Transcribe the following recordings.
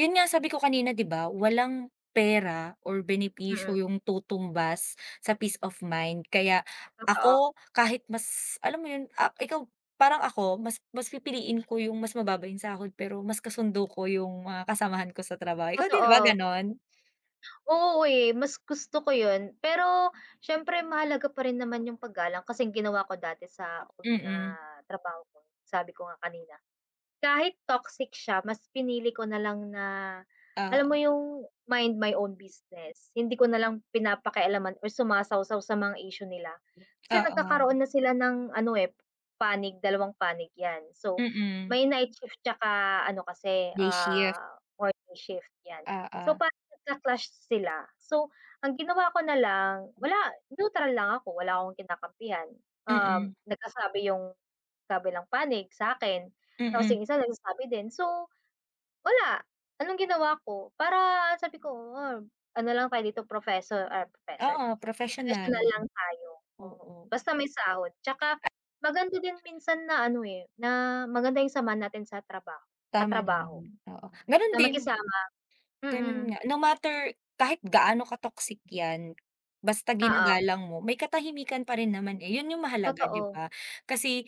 Yun nga sabi ko kanina, di ba? Walang pera or benepisyo Mm. yung tutumbas sa peace of mind. Kaya Totoo. ako kahit mas, alam mo yun, ah, ikaw parang ako mas mas pipiliin ko yung mas mababa yung sahod pero mas kasundo ko yung mga kasamahan ko sa trabaho. Ikaw din ba Totoo. gano'n? Oo eh, mas gusto ko yun. Pero siyempre mahalaga pa rin naman yung paggalang. Kasi ang ginawa ko dati sa old na Mm. trabaho ko, sabi ko nga kanina, kahit toxic siya mas pinili ko na lang na, alam mo Oo. yung mind my own business, hindi ko na lang pinapakialaman or sumasawsaw sa mga issue nila. Kasi Oo. nagkakaroon na sila ng ano eh, panig. Dalawang panig 'yan, so, Mm. may night shift tsaka ano kasi, Day shift. ah, morning shift, 'yan. So, Oo. parang nagka-clash sila. So, ang ginawa ko na lang, wala, neutral lang ako, wala akong kinakampihan. Mm. Um, nagsasabi yung kabilang panig sa akin tapos Mm. yung isa nagsasabi din. So, wala, anong ginawa ko para sabi ko, ano lang tayo dito, professor, ay professor, Oo, professional. professional lang tayo, oo, Oo. basta may sahod. Tsaka Ah maganda din minsan na ano eh, na maganda yung samahan natin sa trabaho, Tama naman katrabaho yun, oo, ganun na din. makisama, Ganun mm. nga. No matter kahit gaano ka-toxic yan basta Oo. ginagalang mo may katahimikan pa rin naman eh, yun yung mahalaga, di Totoo. ba? Kasi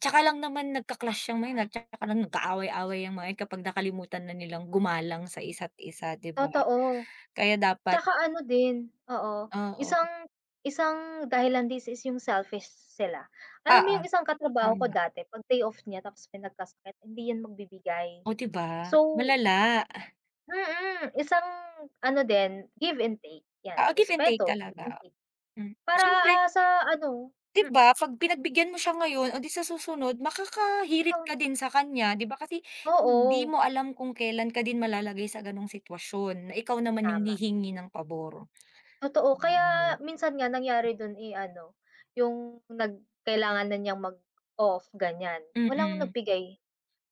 tsaka lang naman nagka-clash yang mga yan at saka lang nag-aaway-away yang mga yan kapag nakalimutan na nilang gumalang sa isa't isa, di ba? Totoo. Kaya dapat Tsaka ano din, oo, Oo. isang isang dahilan this is yung selfish sila. Alam mo Oo, yung isang katrabaho ko tama. dati 'pag pay off niya tapos may nagkasakit, hindi yan magbibigay. Oh, di ba? So Malala. Mm, isang ano din, give and take 'yan, Oo, give and take respeto, give and talaga, take. mm. Para Siyempre ah, ah, sa ano Di hmm ba 'pag pinagbigyan mo siya ngayon, o di sa susunod makakahirit Ikaw ka din sa kanya, di ba? Kasi hindi Oo. mo alam kung kelan ka din malalagay sa gano'ng sitwasyon na ikaw naman yung Tama. hihingi ng pabor. Totoo, kaya Mm. minsan nga nangyari dun eh ano, yung nag kailangan na niyang mag-off, ganiyan, walang Mm. nagbigay.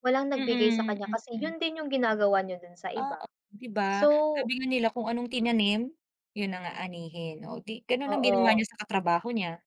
Walang nagbigay sa Mm, kanya kasi mm. yun din yung ginagawa niya dun sa iba. Oo, di ba? So Sabi nga nila kung anong tinanim, yun ang aanihin. O, di gano'n ang ginawa Oo. niya sa katrabaho niya.